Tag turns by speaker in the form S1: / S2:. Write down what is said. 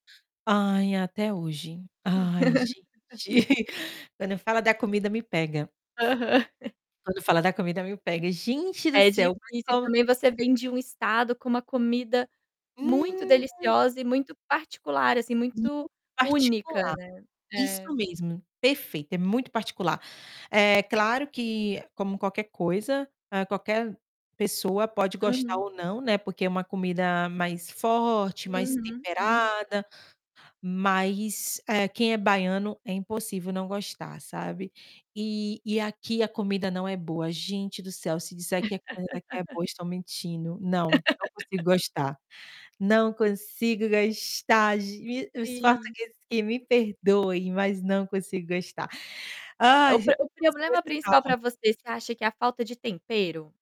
S1: Ai, até hoje, ai gente, quando fala da comida me pega.
S2: Aham.
S1: Quando fala da comida me pega, gente do
S2: É difícil
S1: céu, mas
S2: e
S1: como
S2: também, você vem de um estado com uma comida muito
S1: Hum.
S2: deliciosa e muito particular assim, muito
S1: Muito
S2: única,
S1: particular,
S2: né.
S1: isso
S2: É.
S1: mesmo, perfeito, é muito particular. É claro que, como qualquer coisa, qualquer pessoa pode gostar
S2: Uhum.
S1: ou não, né, porque é uma comida mais forte, mais
S2: Uhum, uhum.
S1: temperada, mas, eh, quem é baiano é impossível não gostar, sabe, e e aqui a comida não é boa, gente do céu, se disser que a comida aqui é boa, estão mentindo, não, não consigo gostar, não consigo gostar, ge os
S2: Sim.
S1: portugueses aqui me perdoem, mas não consigo gostar.
S2: É
S1: Ai,
S2: o po o
S1: algumas
S2: problema
S1: coisas
S2: principal
S1: salvam
S2: para você, você acha que é a falta de tempero?